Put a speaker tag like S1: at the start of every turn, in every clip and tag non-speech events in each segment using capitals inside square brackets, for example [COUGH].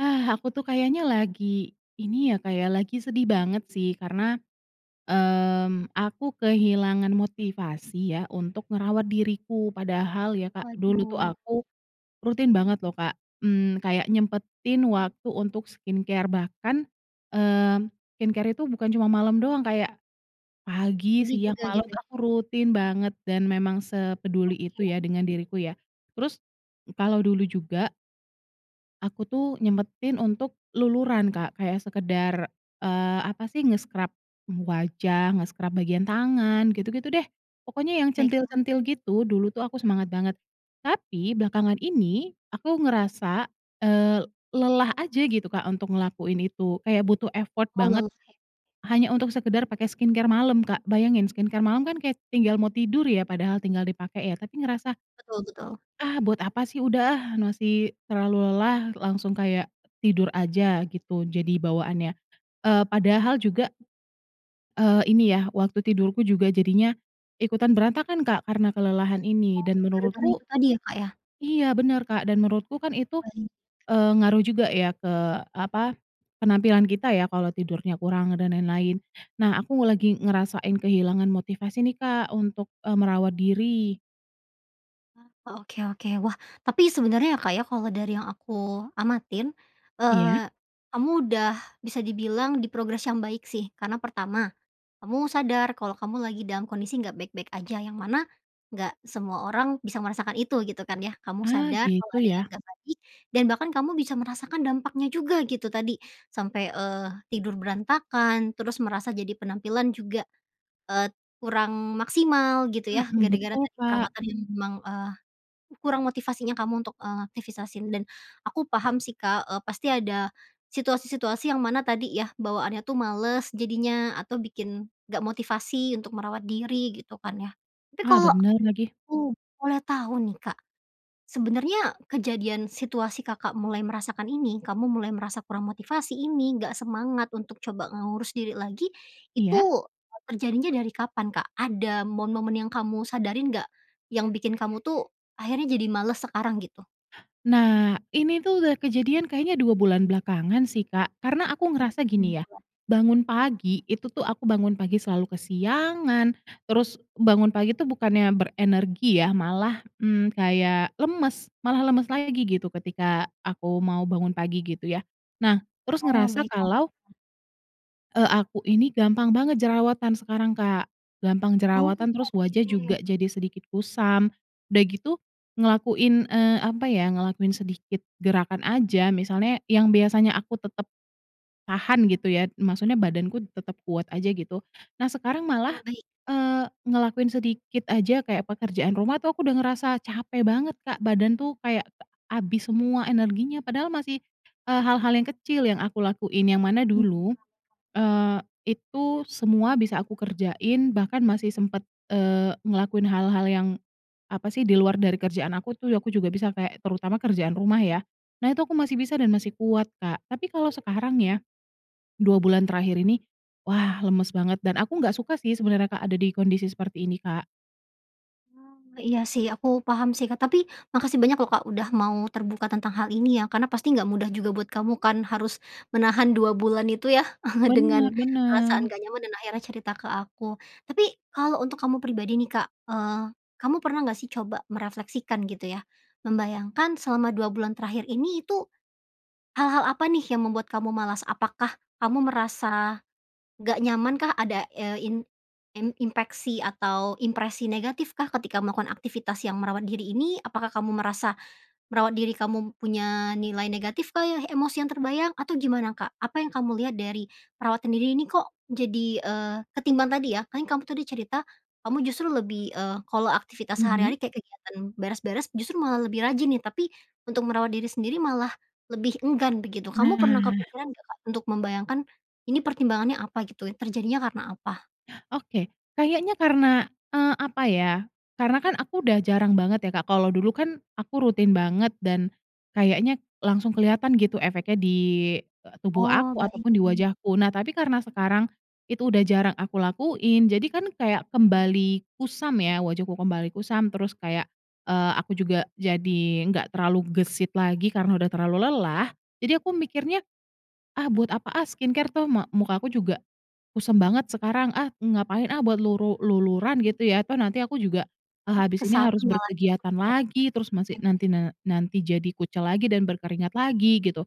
S1: Ah, aku tuh kayaknya lagi, ini ya, Kak, ya, lagi sedih banget sih karena, mmm, aku kehilangan motivasi ya untuk ngerawat diriku. Padahal ya, Kak, dulu tuh
S2: Waduh.
S1: aku rutin banget loh, Kak, mmm, kayak nyempetin waktu untuk skincare. Bahkan, mmm, skincare itu bukan cuma malam doang, kayak pagi,
S2: Pagi
S1: siang,
S2: juga,
S1: malam
S2: gitu?
S1: itu aku rutin banget, dan memang sepeduli itu ya
S2: Oke.
S1: dengan diriku ya. Terus kalau dulu juga aku tuh nyempetin untuk luluran, Kak, kayak sekedar, eee, apa sih, nge-scrub, mmm, wajah, nge-scrub bagian tangan, gitu-gitu deh. Pokoknya yang
S2: Baiklah.
S1: centil-centil gitu, dulu tuh aku semangat banget. Tapi belakangan ini aku ngerasa, eee, lelah aja gitu, Kak, untuk ngelakuin itu. Kayak butuh effort banget,
S2: Oh, [UNINTELLIGIBLE]
S1: hanya untuk sekedar pakai skincare malam, Kak. Bayangin, skincare malam kan kayak tinggal mau tidur ya, padahal tinggal dipakai ya, tapi ngerasa
S2: Betul betul.
S1: "Ah, buat apa sih? Udah ah, masih terlalu lelah." Langsung kayak tidur aja gitu, jadi bawaannya. Eee, padahal juga Eee, ini ya, waktu tidurku juga jadinya ikutan berantakan, Kak, karena kelelahan ini.
S2: Oh,
S1: Dan
S2: gara-gara itu
S1: menurutku
S2: tadi ya, Kak, ya?
S1: Iya, bener, Kak. Dan menurutku kan itu,
S2: Baik.
S1: eee, ngaruh juga ya ke, apa, penampilan kita ya kalau tidurnya kurang, dan lain-lain. Nah, aku lagi ngerasain kehilangan motivasi nih, Kak, untuk e merawat diri.
S2: Ah, wah, oke-oke. Wah, tapi sebenernya ya, Kak ya, kalau dari yang aku amatin,
S1: Iya.
S2: eee, kamu udah bisa dibilang di progress yang baik sih. Karena pertama, kamu sadar kalau kamu lagi dalam kondisi enggak baik-baik aja, yang mana enggak semua orang bisa merasakan itu, gitu kan ya. Kamu
S1: Ah
S2: sadar kalau
S1: gitu
S2: ada yang
S1: ya.
S2: enggak baik dan bahkan kamu bisa merasakan dampaknya juga, gitu tadi sampai, eee, tidur berantakan, terus merasa jadi penampilan juga, eee, kurang maksimal gitu yah,
S1: Mhm,
S2: gara-gara
S1: betul,
S2: tadi
S1: Pak.
S2: perawatan yang memang, eee, kurang motivasinya kamu untuk, eee, [UNINTELLIGIBLE] dan aku paham sih, Kak, eee, pasti ada situasi-situasi yang mana tadi yah bawaannya tuh males jadinya atau bikin enggak motivasi untuk merawat diri, gitu kan yah. Tapi
S1: Ah,
S2: kalau
S1: benar lagi.
S2: aku boleh tahu nih, Kak, sebenernya kejadian situasi Kakak mulai merasakan ini, kamu mulai merasa kurang motivasi ini, enggak semangat untuk coba, ngurus diri lagi, itu
S1: Iya.
S2: terjadinya dari kapan, Kak? Ada momen-momen yang kamu sadarin enggak? Yang bikin kamu tuh akhirnya jadi males sekarang, gitu.
S1: Nah, ini tuh udah kejadian kayaknya 2 bulan belakangan sih, Kak, karena aku
S2: Oh,
S1: ngerasa gini ya,
S2: [UNINTELLIGIBLE]
S1: bangun pagi, itu tuh aku bangun pagi selalu kesiangan. Terus bangun pagi itu bukannya berenergi ya, malah, mmm, kayak lemes, malah lemes lagi gitu ketika aku mau bangun pagi, gitu ya. Nah, terus
S2: Oh,
S1: ngerasa
S2: baiklah,
S1: kalau
S2: [UNINTELLIGIBLE]
S1: eee, aku ini gampang banget jerawatan sekarang, Kak, gampang
S2: Oh,
S1: jerawatan, terus wajah juga
S2: oke.
S1: jadi sedikit kusam. Udah gitu ngelakuin, eee, apa ya, ngelakuin sedikit gerakan aja, misalnya yang biasanya aku tetep tahan gitu ya, maksudnya badanku tetep kuat aja gitu. Nah, sekarang
S2: Ah,
S1: malah,
S2: baik.
S1: eee, ngelakuin sedikit aja kayak pekerjaan rumah tuh aku udah ngerasa capek banget, Kak, badan tuh kayak habis semua energinya, padahal masih, eee, hal-hal yang kecil yang aku lakuin. Yang mana
S2: Hmm,.
S1: dulu,
S2: [UNINTELLIGIBLE]
S1: eee, itu semua bisa aku kerjain bahkan masih sempet, eee, ngelakuin hal-hal yang apa sih, di luar dari kerjaan aku tuh, aku juga bisa kayak, terutama kerjaan rumah ya. Nah, itu aku masih bisa dan masih kuat, Kak. Tapi kalau sekarang ya, 2 bulan terakhir ini, wah, lemes banget dan aku enggak suka sih sebenernya, Kak, ada di kondisi seperti ini, Kak.
S2: Hmm, iya sih, aku paham sih, Kak, tapi makasih banyak loh, Kak, udah mau terbuka tentang hal ini ya karena pasti nggak mudah juga buat kamu kan harus menahan 2 bulan itu ya [CHUCKLES] dengan
S1: Benar
S2: perasaan
S1: benar.
S2: nggak nyaman dan akhirnya cerita ke aku, tapi kalau untuk kamu pribadi nih, Kak, eee, kamu pernah nggak sih coba merefleksikan, gitu ya? Membayangkan selama 2 bulan terakhir ini itu, hal-hal apa nih yang membuat kamu malas? Apakah kamu merasa nggak nyamankah ada, eee, in in inpeksi atau impresi negatifkah ketika melakukan aktivitas yang merawat diri ini? Apakah kamu merasa merawat diri kamu m punya nilai negatif, Kak, ya, emosi yang terbayang, atau gimana, Kak? Apa yang kamu lihat dari perawatan diri ini? Kok jadi, eee ketimbang tadi ya, kan yang kamu tadi cerita, kamu justru lebih, eee, kalau aktivitas
S1: Mhm?
S2: sehari-hari kayak kegiatan beres-beres justru malah lebih rajin nih, tapi untuk merawat diri sendiri malah lebih enggan begitu. Kamu pernah
S1: Nah.
S2: kepikiran nggak, Kak, untuk membayangkan ini pertimbangannya apa, gitu ya? Terjadinya karena apa?
S1: Oke. Kayaknya karena eee, apa ya, karena kan aku udah jarang banget ya, Kak. Kalau dulu kan aku rutin banget dan kayaknya langsung kelihatan gitu efeknya di, eee, tubuh
S2: Oh,
S1: aku ataupun di
S2: baik.
S1: wajahku. Nah, tapi karena sekarang itu udah jarang aku lakuin, jadi kan kayak kembali kusam ya, wajahku kembali kusam terus kayak, eee, aku juga jadi nggak terlalu gesit lagi karena udah terlalu lelah. Jadi aku mikirnya, "Ah, buat apa ah skincare? Toh, ma muka aku juga kusam banget sekarang. Ah, ngapain ah buat luru luluran gitu ya? Toh, nanti aku juga, eee,
S2: Oh, ke
S1: habis ini
S2: sana
S1: harus
S2: malah ya
S1: berkegiatan
S2: pemikirannya.
S1: lagi, terus
S2: Oke
S1: masih nanti
S2: deh.
S1: na nanti jadi kucel lagi dan berkeringat lagi." Gitu.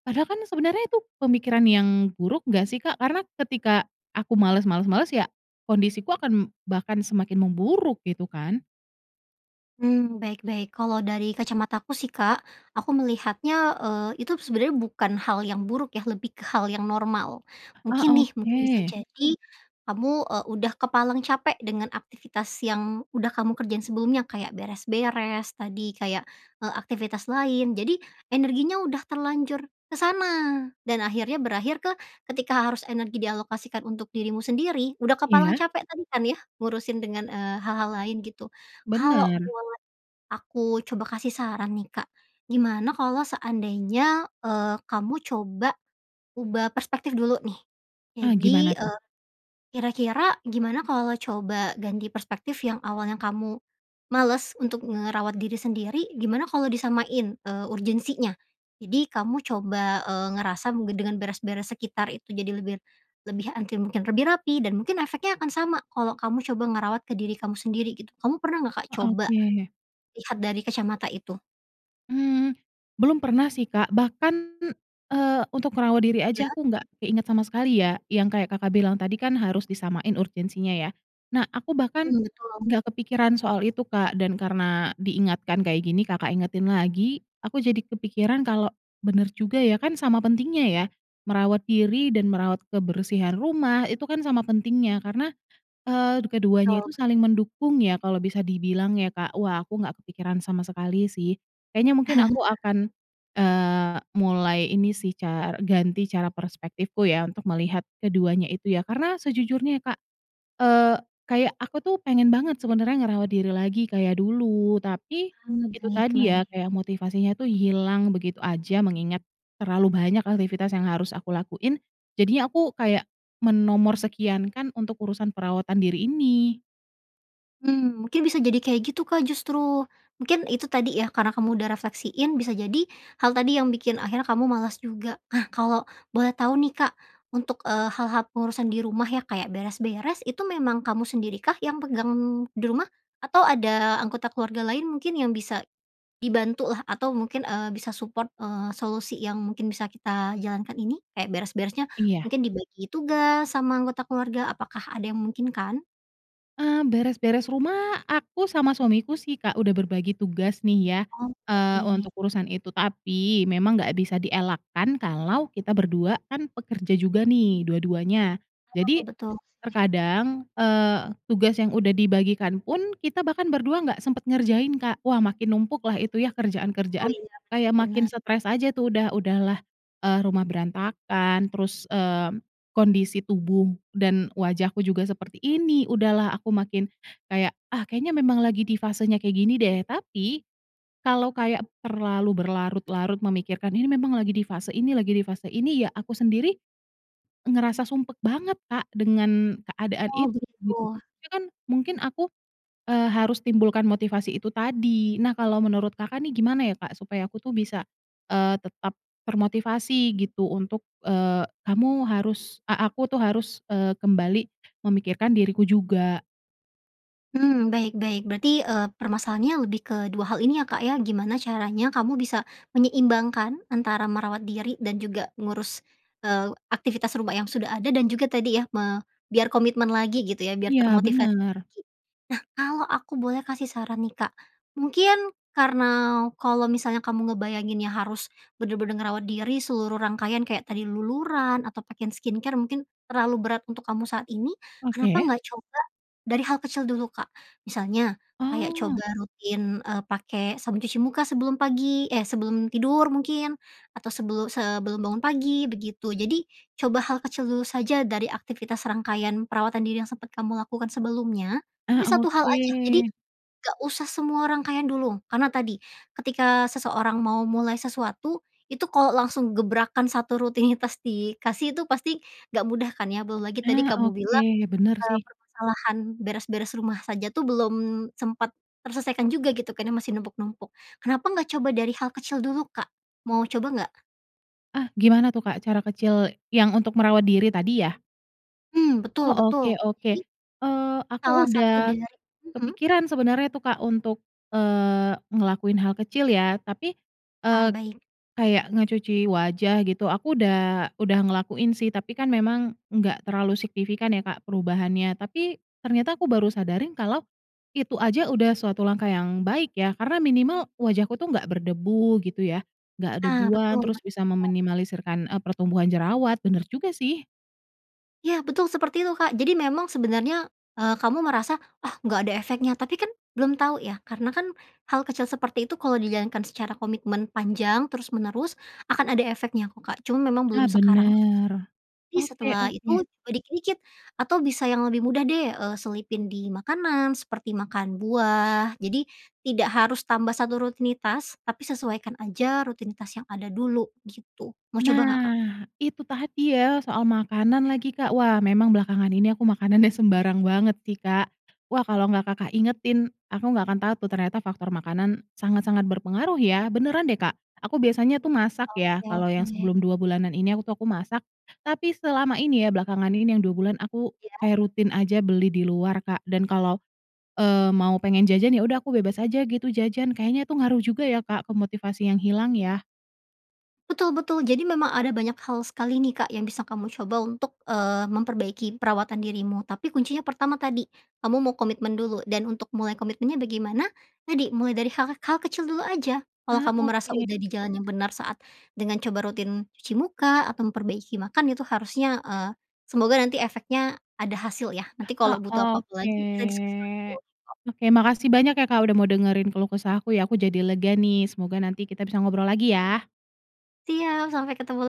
S1: Padahal kan sebenarnya itu pemikiran yang buruk nggak sih, Kak? Karena ketika aku malas malas malas ya, kondisiku akan bahkan semakin memburuk, gitu kan.
S2: Hmm, baik-baik. Kalau dari kacamataku sih, Kak, aku melihatnya, eee, itu sebenarnya bukan hal yang buruk ya, lebih ke hal yang normal.
S1: Ah,
S2: Mungkin nih, mungkin bisa
S1: oke.
S2: jadi kamu, eee, udah kepalang capek dengan aktivitas yang udah kamu kerjain sebelumnya, kayak beres-beres tadi kayak, eee, aktivitas lain. Jadi energinya udah terlanjur ke sana. Dan akhirnya berakhir ke ketika harus energi dialokasikan untuk dirimu sendiri, udah kepalang
S1: Iya.
S2: capek tadi kan ya, ngurusin dengan, eee, hal-hal lain gitu. Kalo
S1: Benar.
S2: boleh aku coba kasih saran nih, Kak, gimana kalo seandainya, eee, kamu coba ubah perspektif dulu nih.
S1: Ah, gimana
S2: Jadi,
S1: tuh?
S2: eee, kira-kira gimana kalau coba ganti perspektif yang awalnya kamu males untuk ngerawat diri sendiri, gimana kalau disamain, eee, urgency-nya. Jadi kamu coba, eee, ngerasa mungkin dengan beres-beres sekitar itu jadi lebih, lebih antil mungkin lebih rapi dan mungkin efeknya akan sama kalau kamu coba ngerawat ke diri kamu sendiri gitu. Kamu pernah nggak, Kak,
S1: Eee,
S2: coba,
S1: oke.
S2: lihat dari kacamata itu?
S1: Mmm. Belum pernah sih, Kak. Bahkan, eee, untuk ngerawat diri
S2: Ya.
S1: aja, aku nggak keinget sama sekali ya yang kayak, Kakak bilang tadi kan harus disamain urgensinya ya? Nah, aku bahkan
S2: Mhm, betul.
S1: nggak kepikiran soal itu, Kak, dan karena diingatkan kayak gini, Kakak ingetin lagi, aku jadi kepikiran kalau benar juga ya, kan sama pentingnya ya, merawat diri dan merawat kebersihan rumah itu kan sama pentingnya karena, eee, keduanya
S2: Betul.
S1: itu saling mendukung ya kalau bisa dibilang ya, Kak. Wah aku nggak kepikiran sama sekali sih. Kayaknya mungkin aku
S2: [LAUGHS]
S1: akan, eee, mulai ini sih ca ganti cara perspektifku ya, untuk melihat keduanya itu ya. Karena sejujurnya ya, Kak, eee, kayak aku tuh pengen banget sebenarnya ngerawat diri lagi kayak dulu. Tapi
S2: Oh,
S1: itu tadi ya,
S2: baik-baik.
S1: kayak motivasinya tuh hilang begitu aja, mengingat terlalu banyak aktivitas yang harus aku lakuin. Jadinya aku kayak menomor sekiankan untuk urusan perawatan diri ini.
S2: Mhm, mungkin bisa jadi kayak gitu, Kak, justru. Mungkin itu tadi ya, karena kamu udah refleksiin, bisa jadi hal tadi yang bikin akhirnya kamu malas juga. Nah kalau boleh tahu nih, Kak, untuk, eee, hal-hal pengurusan di rumah ya kayak beres-beres, itu memang kamu sendiri kah yang pegang di rumah? Atau ada anggota keluarga lain mungkin yang bisa dibantu lah atau mungkin eee, bisa support, eee, solusi yang mungkin bisa kita jalankan ini. Kayak beres-beresnya
S1: Iya.
S2: mungkin dibagi tugas sama anggota keluarga, apakah ada yang memungkinkan?
S1: Eee, beres-beres rumah, aku sama suamiku sih, Kak. Udah berbagi tugas nih ya,
S2: Oh,
S1: eee,
S2: baik.
S1: untuk urusan itu. Tapi, memang nggak bisa dielakkan, kalau kita berdua kan pekerja juga nih, dua-duanya.
S2: Ah,
S1: Jadi,
S2: betul. Oke.
S1: terkadang, eee, tugas yang udah dibagikan pun, kita bahkan berdua nggak sempat ngerjain, Kak. Wah, makin numpuklah itu yah,
S2: Oh,
S1: kerjaan-kerjaan,
S2: iya. Bener
S1: kaya makin
S2: bener.
S1: setres aja, tuh. Udah udahlah, eee, rumah berantakan, terus, eee, kondisi tubuh dan wajahku juga seperti ini, udahlah aku makin kayak, "Ah, kayaknya memang lagi di fasenya kayak gini, deh." Tapi, kalau kayak terlalu berlarut-larut memikirkan, "Ini memang lagi di fase ini, lagi di fase ini," ya aku sendiri ngerasa sumpek banget, Kak, dengan keadaan
S2: Oh,
S1: itu, gitu.
S2: begitu.
S1: Itu kan, mungkin aku, eee, harus timbulkan motivasi itu tadi. Nah, kalau menurut Kakak nih, gimana ya, Kak, supaya aku tuh bisa, eee, tetap termotivasi, gitu, untuk, eee, "Kamu harus" E aku tuh harus, eee, kembali memikirkan diriku juga.
S2: Mmm, baik baik. Berarti, eee, permasalahannya lebih ke dua hal ini, ya, Kak, ya, gimana caranya kamu bisa menyeimbangkan antara merawat diri dan juga ngurus, eee, aktivitas rumah yang sudah ada, dan juga tadi, ya, me biar komitmen lagi, gitu, ya, biar
S1: Iya,
S2: termotivasi
S1: benar.
S2: lagi. Nah, kalau aku boleh kasih saran, nih, Kak, mungkin, karena kalau misalnya kamu ngebayanginnya harus benar-benar ngerawat diri seluruh rangkaian kayak tadi, luluran atau pakai skincare mungkin terlalu berat untuk kamu saat ini, kenapa
S1: Oke.
S2: enggak coba dari hal kecil dulu, Kak? Misalnya, kayak
S1: Oh.
S2: coba rutin, e pakai sabun cuci muka sebelum pagi, eh, sebelum tidur mungkin, atau sebelu sebelum bangun pagi, begitu. Jadi, coba hal kecil dulu saja dari aktivitas rangkaian perawatan diri yang sempat kamu lakukan sebelumnya,
S1: Ah,
S2: tapi, satu hal aja. Jadi,
S1: oke.
S2: enggak usah semua rangkaian dulu. Karena tadi, ketika seseorang mau mulai sesuatu, itu kalau langsung gebrakan satu rutinitas dikasih itu pasti enggak mudah, kan, ya. Belum lagi tadi
S1: Ah,
S2: kamu
S1: oke.
S2: bilang,
S1: Benar,
S2: eee,
S1: sih.
S2: permasalahan beres-beres rumah saja, tuh, belum sempat terselesaikan juga, gitu, karena masih numpuk-numpuk. Kenapa enggak coba dari hal kecil dulu, Kak? Mau coba, enggak?
S1: Ah, gimana tuh Kak cara kecil, yang untuk merawat diri tadi ya?
S2: Hmm, betul
S1: Oh,
S2: betul.
S1: oke oke.
S2: Jadi,
S1: Eee, aku
S2: salah satu
S1: udah
S2: dari mhm?
S1: kepikiran sebenarnya, tuh Kak untuk, eee, ngelakuin hal kecil ya, tapi,
S2: Ah,
S1: eee,
S2: baik.
S1: kayak ngecuci wajah, gitu. Aku udah udah ngelakuin sih, tapi kan memang enggak terlalu signifikan ya Kak perubahannya. Tapi, ternyata aku baru sadari kalau itu aja udah suatu langkah yang baik ya, karena minimal wajahku tuh enggak berdebu gitu ya, enggak
S2: Ah,
S1: debuan,
S2: betul
S1: terus
S2: betul.
S1: bisa meminimalisirkan, e pertumbuhan jerawat. Benar juga sih.
S2: Ya, betul seperti itu Kak. Jadi, memang sebenarnya, eee, kamu merasa, "Ah, enggak ada efeknya," tapi kan belum tahu ya, karena kan hal kecil seperti itu kalau dijalankan secara komitmen panjang terus-menerus, akan ada efeknya kok, Kak. Cuma, memang
S1: Ah,
S2: belum sekarang aja.
S1: benar.
S2: Tapi
S1: Oke
S2: setelah itu,
S1: oke.
S2: coba dikit-dikit atau bisa yang lebih mudah deh, eee, selipin di makanan, seperti makan buah. Jadi, tidak harus tambah satu rutinitas, tapi sesuaikan aja rutinitas yang ada dulu, gitu. Mau coba enggak, Kak?
S1: Nah, itu tadi ya soal makanan lagi, Kak. Wah, memang belakangan ini aku makanannya sembarang banget sih, Kak. Wah, kalau enggak Kakak ingetin, aku enggak akan tahu tuh ternyata faktor makanan sangat-sangat berpengaruh, ya. Beneran deh, Kak. Aku biasanya tuh masak
S2: Oke
S1: ya. Kalau
S2: oke.
S1: yang sebelum 2 bulanan ini aku, tuh aku masak. Tapi, selama ini ya, belakangan ini yang 2 bulan aku
S2: Iya.
S1: kayak rutin aja beli di luar Kak, dan kalau, eee, mau pengen jajan, ya udah aku bebas aja gitu jajan. Kayaknya tuh ngaruh juga ya Kak ke motivasi yang hilang ya?
S2: Betul betul. Jadi, memang ada banyak hal sekali nih Kak, yang bisa kamu coba untuk, eee, memperbaiki perawatan dirimu. Tapi, kuncinya pertama tadi, kamu mau komitmen dulu, dan untuk mulai komitmennya bagaimana? Tadi, mulai dari hal-hal kecil dulu aja. Kalau
S1: Ah,
S2: kamu merasa
S1: oke.
S2: udah di jalan yang benar saat dengan coba rutin cuci muka atau memperbaiki makan itu harusnya, eee, semoga nanti efeknya ada hasil, ya. Nanti
S1: Ah,
S2: kalau butuh apa-apa
S1: oke.
S2: lagi, kita diskusi lagi boleh kok.
S1: Oke, makasih banyak ya Kak, udah mau dengerin keluh kesah aku ya. Aku jadi lega nih. Semoga nanti kita bisa ngobrol lagi ya.
S2: Siap. Sampai ketemu